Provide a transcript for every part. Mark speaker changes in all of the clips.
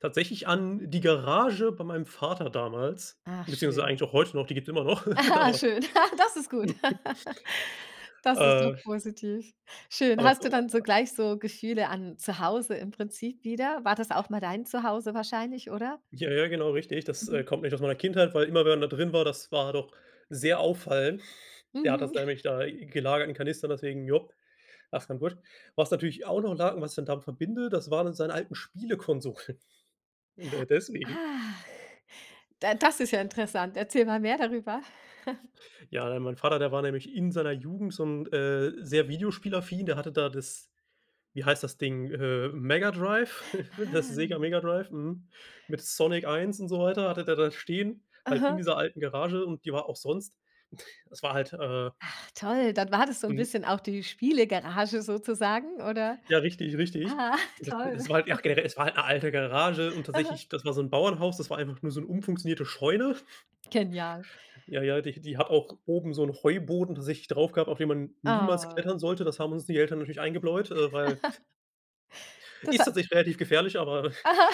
Speaker 1: Tatsächlich an die Garage bei meinem Vater damals,
Speaker 2: Ach,
Speaker 1: beziehungsweise
Speaker 2: schön.
Speaker 1: eigentlich auch heute noch, die gibt's immer noch,
Speaker 2: Aha,
Speaker 1: aber
Speaker 2: schön. Das ist gut. Das ist doch
Speaker 1: Äh.
Speaker 2: positiv. Schön.
Speaker 1: Aber
Speaker 2: Hast du dann
Speaker 1: [unintelligible]
Speaker 2: sogleich so Gefühle an zu Hause im Prinzip wieder? War das auch mal dein zu Hause wahrscheinlich, oder?
Speaker 1: Ja ja, genau richtig. Das, äh,
Speaker 2: Mhm.
Speaker 1: kommt nämlich aus meiner Kindheit, weil immer, wenn man da drin war, das war doch sehr auffallend. Der hat
Speaker 2: Mhm.
Speaker 1: das nämlich da gelagert in Kanistern, deswegen, jop [unintelligible] Was natürlich auch noch lag was ich dann damit verbinde, das waren dann seine alten Spielekonsolen. D deswegen.
Speaker 2: Ach. Da das ist ja interessant. Erzähl mal mehr darüber.
Speaker 1: Ja, d mein Vater, der war nämlich in seiner Jugend so 'n äh, sehr videospielaffin, der hatte da das wie heißt das Ding, äh, Mega Drive, das Sega
Speaker 2: Ah.
Speaker 1: Mega Drive, hm, mit Sonic 1 und so weiter, hatte der da stehen, halt in
Speaker 2: Aha.
Speaker 1: dieser alten Garage und die war auch sonst es war halt, äh
Speaker 2: Ach toll, dann war das so 'n
Speaker 1: Mhm.
Speaker 2: bisschen auch die Spiele Garage sozusagen, oder?
Speaker 1: Ja richtig, richtig.
Speaker 2: Ah,
Speaker 1: D das
Speaker 2: toll.
Speaker 1: das war halt ach generell, es war halt 'ne alte Garage und
Speaker 2: Aha.
Speaker 1: tatsächlich, das war so 'n Bauernhaus, das war einfach nur so'n umfunktionierte Scheune.
Speaker 2: Genial.
Speaker 1: Ja, ja, die die hat auch oben so 'n Heuboden, tatsächlich drauf gehabt, auf den man niemals
Speaker 2: Oh.
Speaker 1: klettern sollte. Das haben uns die Eltern natürlich eingebläut, äh, weil
Speaker 2: Das
Speaker 1: Ist
Speaker 2: ha
Speaker 1: tatsächlich relativ gefährlich, aber
Speaker 2: Aha.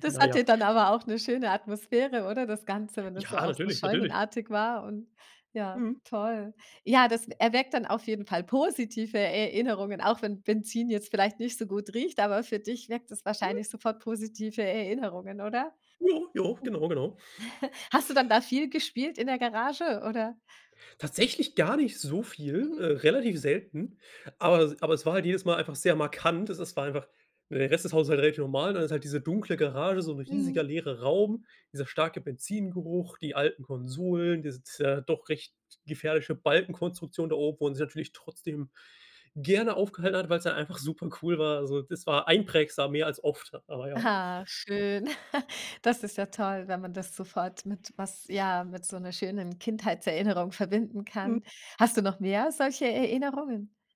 Speaker 2: Das
Speaker 1: na ja.
Speaker 2: hatte dann aber auch 'ne schöne Atmosphäre, oder das Ganze? Wenn das ja
Speaker 1: Ja,
Speaker 2: auch so
Speaker 1: natürlich, natürlich.
Speaker 2: Scheunenartig war und ja,
Speaker 1: Mhm.
Speaker 2: toll. Ja, das e erweckt dann auf jeden Fall positive Erinnerungen, auch wenn Benzin jetzt vielleicht nicht so gut riecht, aber für dich weckt das
Speaker 1: Hm.
Speaker 2: wahrscheinlich sofort positive Erinnerungen, oder?
Speaker 1: Ja, ja.
Speaker 2: Mhm.
Speaker 1: Genau, genau.
Speaker 2: Hast du dann da viel gespielt in der Garage, oder?
Speaker 1: Tatsächlich gar nicht so viel,
Speaker 2: Mhm.
Speaker 1: äh, relativ selten, aber es aber es war halt jedes Mal einfach sehr markant. Es s war einfach, der Rest des Hauses halt relativ normal. Dann ist halt diese dunkle Garage, so 'n riesiger
Speaker 2: Mhm.
Speaker 1: leerer Raum, dieser starke Benzingeruch, die alten Konsolen, diese t doch recht gefährliche Balkenkonstruktion da oben wo man sich natürlich trotzdem gerne aufgehalten hat, weil's ja einfach supercool war. So, das war einprägsam, mehr als oft, aber ja.
Speaker 2: Ah, schön. Das ist ja toll, wenn man das sofort mit was ja, mit so 'ner schönen Kindheitserinnerung verbinden
Speaker 1: Mhm.
Speaker 2: kann. Hast du noch mehr solche Erinnerungen?